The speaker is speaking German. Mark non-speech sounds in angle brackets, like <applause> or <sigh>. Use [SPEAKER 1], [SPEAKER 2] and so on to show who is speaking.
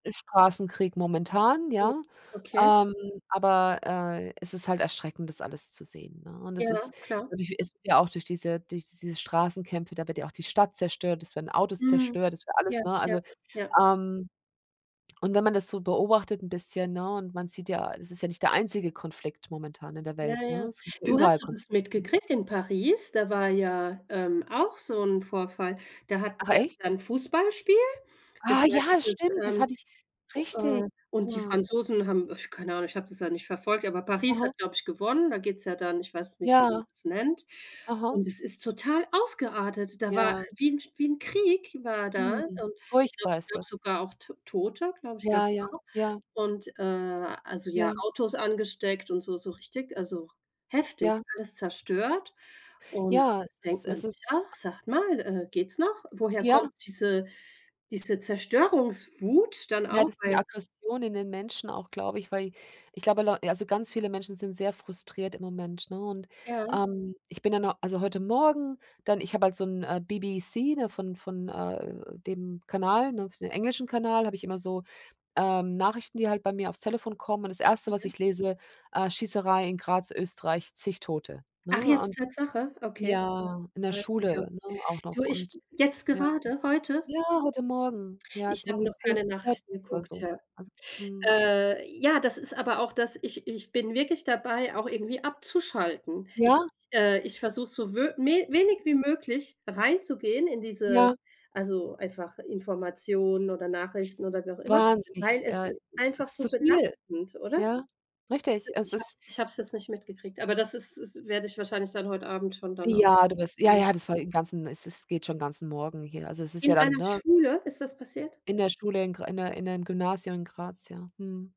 [SPEAKER 1] Ist Straßenkrieg momentan,
[SPEAKER 2] Oh,
[SPEAKER 1] ja?
[SPEAKER 2] okay.
[SPEAKER 1] Ähm, aber, äh, es ist halt erschreckend, das alles zu sehen, ne? Und das
[SPEAKER 2] Ja,
[SPEAKER 1] ist
[SPEAKER 2] klar.
[SPEAKER 1] natürlich ist ja auch durch diese durch diese Straßenkämpfe, da wird ja auch die Stadt zerstört, es werden Autos
[SPEAKER 2] Mhm,
[SPEAKER 1] zerstört, es wird
[SPEAKER 2] ja,
[SPEAKER 1] alles, ne,
[SPEAKER 2] ja,
[SPEAKER 1] also
[SPEAKER 2] ja.
[SPEAKER 1] ähm, und wenn man das so beobachtet 'n bisschen, ne, und man sieht ja, es ist ja nicht der einzige Konflikt momentan in der
[SPEAKER 2] Ja,
[SPEAKER 1] Welt, ne?
[SPEAKER 2] ja,
[SPEAKER 1] Es gibt ja
[SPEAKER 2] du,
[SPEAKER 1] überall
[SPEAKER 2] hast du das
[SPEAKER 1] Konflikte, ne?
[SPEAKER 2] mitgekriegt in Paris, da war ja, ähm, auch so 'n Vorfall, da hat
[SPEAKER 1] Ach
[SPEAKER 2] der
[SPEAKER 1] echt?
[SPEAKER 2] dann Fußballspiel, das
[SPEAKER 1] Ah,
[SPEAKER 2] war
[SPEAKER 1] ja,
[SPEAKER 2] dieses
[SPEAKER 1] stimmt. Das
[SPEAKER 2] ähm,
[SPEAKER 1] hatte ich richtig,
[SPEAKER 2] äh, und die
[SPEAKER 1] mhm.
[SPEAKER 2] Franzosen haben, äh, keine Ahnung, ich habe das ja nicht verfolgt, aber Paris
[SPEAKER 1] Mhm.
[SPEAKER 2] hat, glaube ich, gewonnen. Da geht's ja dann, ich weiß nicht, wie man
[SPEAKER 1] Ja.
[SPEAKER 2] das nennt.
[SPEAKER 1] Aha.
[SPEAKER 2] Und es ist total ausgeartet. Da war
[SPEAKER 1] Ja.
[SPEAKER 2] wie 'n wie 'n Krieg war da.
[SPEAKER 1] Hm.
[SPEAKER 2] Und ich glaube,
[SPEAKER 1] Furchtbar
[SPEAKER 2] es
[SPEAKER 1] ist
[SPEAKER 2] gab
[SPEAKER 1] das.
[SPEAKER 2] sogar auch T Tote, glaube ich, gab's
[SPEAKER 1] Ja, ja,
[SPEAKER 2] auch.
[SPEAKER 1] ja.
[SPEAKER 2] Und, äh, also, ja,
[SPEAKER 1] Ja.
[SPEAKER 2] Autos angesteckt und so so richtig also, heftig,
[SPEAKER 1] Ja.
[SPEAKER 2] alles zerstört. Und
[SPEAKER 1] Ja, es
[SPEAKER 2] denkt
[SPEAKER 1] ist
[SPEAKER 2] man
[SPEAKER 1] es
[SPEAKER 2] sich
[SPEAKER 1] ist
[SPEAKER 2] auch: „Sagt mal, äh, geht's noch?“ Woher
[SPEAKER 1] Ja.
[SPEAKER 2] kommt diese, diese Zerstörungswut dann
[SPEAKER 1] Ja,
[SPEAKER 2] auch,
[SPEAKER 1] das die
[SPEAKER 2] weil
[SPEAKER 1] Aggression in den Menschen auch, glaube ich, weil ich glaube Leu also, ganz viele Menschen sind sehr frustriert im Moment, ne? Und,
[SPEAKER 2] Ja.
[SPEAKER 1] ähm, ich bin dann also, heute Morgen dann ich habe halt so 'n, äh, BBC, ne? Von von, äh, dem Kanal, ne für den englischen Kanal habe ich immer so, ähm, Nachrichten, die halt bei mir aufs Telefon kommen. Und das 1. was
[SPEAKER 2] Okay.
[SPEAKER 1] ich lese: „Äh, Schießerei in Graz, Österreich, zig Tote“, ne,
[SPEAKER 2] Ach jetzt,
[SPEAKER 1] und
[SPEAKER 2] Tatsache? Okay.
[SPEAKER 1] ja, in der
[SPEAKER 2] Ah, stimmt, ja.
[SPEAKER 1] Schule, ne, auch
[SPEAKER 2] Du,
[SPEAKER 1] noch
[SPEAKER 2] ich
[SPEAKER 1] und
[SPEAKER 2] jetzt
[SPEAKER 1] ja.
[SPEAKER 2] gerade, heute?
[SPEAKER 1] Ja, heute Morgen, ja, es
[SPEAKER 2] Ich
[SPEAKER 1] sind
[SPEAKER 2] habe
[SPEAKER 1] irgendwie
[SPEAKER 2] noch
[SPEAKER 1] 10
[SPEAKER 2] keine
[SPEAKER 1] <unintelligible>
[SPEAKER 2] Nachrichten
[SPEAKER 1] oder
[SPEAKER 2] geguckt,
[SPEAKER 1] so
[SPEAKER 2] ja.
[SPEAKER 1] was, mhm.
[SPEAKER 2] Äh, ja, das ist aber auch das ich ich bin wirklich dabei, auch irgendwie abzuschalten. Ich
[SPEAKER 1] Ja.
[SPEAKER 2] äh, ich, versuche so, wö we wenig wie
[SPEAKER 1] Mhm.
[SPEAKER 2] möglich reinzugehen in diese,
[SPEAKER 1] Ja.
[SPEAKER 2] also, einfach Informationen oder
[SPEAKER 1] Es
[SPEAKER 2] Nachrichten
[SPEAKER 1] ist
[SPEAKER 2] oder wie auch immer,
[SPEAKER 1] wahnsinnig
[SPEAKER 2] weil es
[SPEAKER 1] äh,
[SPEAKER 2] ist
[SPEAKER 1] es
[SPEAKER 2] einfach
[SPEAKER 1] ist
[SPEAKER 2] so
[SPEAKER 1] zu viel,
[SPEAKER 2] belastend, oder?
[SPEAKER 1] ja?
[SPEAKER 2] Siehst du,
[SPEAKER 1] Richtig, es
[SPEAKER 2] ich habe
[SPEAKER 1] ist
[SPEAKER 2] es ich habe es jetzt nicht mitgekriegt, aber das ist ist werde ich wahrscheinlich dann heute Abend schon dann auch
[SPEAKER 1] Ja, du bist ja,
[SPEAKER 2] mhm.
[SPEAKER 1] ja, das war den ganzen es es geht schon ganzen Morgen hier. Also, es ist ja
[SPEAKER 2] In
[SPEAKER 1] dann,
[SPEAKER 2] einer
[SPEAKER 1] ne
[SPEAKER 2] Schule ist das passiert?
[SPEAKER 1] in der Schule in Gr in 'ner in 'nem Gymnasium in Graz ja, mhm.